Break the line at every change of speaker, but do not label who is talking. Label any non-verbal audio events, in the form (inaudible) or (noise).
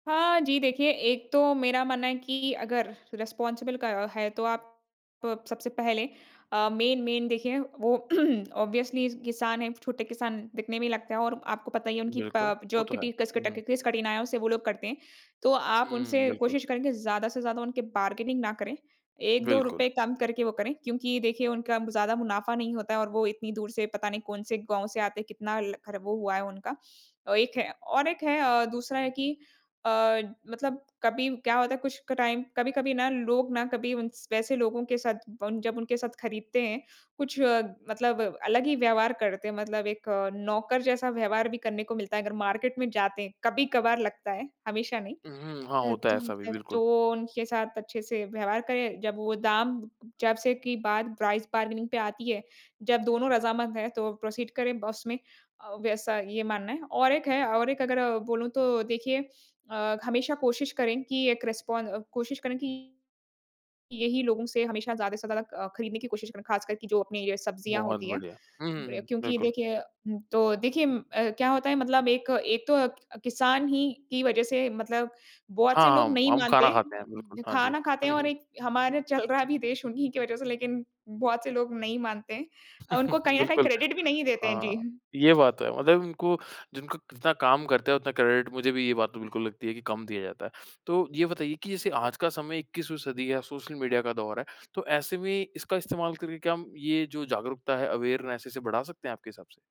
हाँ, जी, देखिए एक तो मेरा मानना है कि अगर रिस्पॉन्सिबल क है तो आप प सबसे पहले अ, मेन-मेन देखिए वो (clears throat) ऑब्वियसली किसान है, छोटे किसान दिखने में ही लगते हैं और आपको पता ही है उनकी
बिल्कुल,
प
वो
जो
तो है।
किटी कस के
हुँ।
टकी किस कठिनाइयों से वो लोग करते हैं। तो आप
हुँ,
उनसे
बिल्कुल।
कोशिश करेंगे ज़्यादा से ज़्यादा उनके बार्गेनिंग ना करे एक दो
बिल्कुल।
रुपये कम करके वो करे क्योंकि देखिए उनका ज़्यादा मुनाफा नहीं होता है और वो इतनी दूर से पता नहीं कौन-से गाँव से आते हैं कितना ल खर वो हुआ है उनका। अ, एक है और एक है अ, दूसरा है कि अ, मतलब कभी क्या होता है कुछ क टाइम कभी-कभी ना लोग ना कभी उन वैसे लोगो के साथ ब जब उनके साथ खरीदते हैं कुछ मतलब अलग ही व्यवहार करते हैं मतलब एक नौकर जैसा व्यवहार भी करने को मिलता है अगर मार्केट में जाते हैं कभी-कभार लगता है, हमेशा नहीं।
हुँ, हुँ। हाँ,
अ,
होता है
तो
ऐसा अभी,
अ,
बिल्कुल।
तो उनके साथ अच्छे से व्यवहार करे जब वो दाम जब से की बात प्राइस बार्गेनिंग पे आती है जब दोनों रज़ामंद है तो प्रोसीड करें ब उसमें अ, वैसा ये मानना है और एक है और एक अगर बोलूँ तो देखिए अ, हमेशा कोशिश करें कि एक रिस्पॉन अ, कोशिश करें कि यही लोगों से हमेशा ज़्यादा से ज़्यादा अ, खरीदने की कोशिश करें ख़ासकर कि जो अपनी अ, सब्जियाँ
बहुत
होती हैं
बढ़िया! हुँ, हुँ,
बढ़िया
हुँ।
क्योंकि
बिल्कुल।
देखिए उम, तो देखिए क्या होता है मतलब एक एक तो अ, किसान ही की वज़ह से मतलब बहुत से
हाँ,
लोग
हम
नहीं
हम
मानते
खाना
हैं,
खाते हैं बिल्कुल,
उम
हाँ जी।
खाना खाते हैं
हुँ,
और
हुँ।
एक हमारा चल रहा भी देश उन्हीं की वजह से लेकिन बहुत से लोग नहीं मानते हैं अ, उनको
(chuckles)
कहीं न कहीं
बिल्कुल,
क्रेडिट भी नहीं देते हैं।
हाँ,
जी।
ये बात तो है मतलब उनको जिनको जितना काम करते हैं उतना क्रेडिट मुझे भी ये बात तो बिल्कुल लगती है कि कम दिया जाता है। तो ये बताइए कि जैसे आज का समय इक्कीसवीं सदी या सोशल मीडिया का दौर है, तो ऐसे में इसका इस्तेमाल करके क्या हम ये जो जागरूकता है अवेयरनेस है इसे बढा सकते हैं आपके हिसाब से?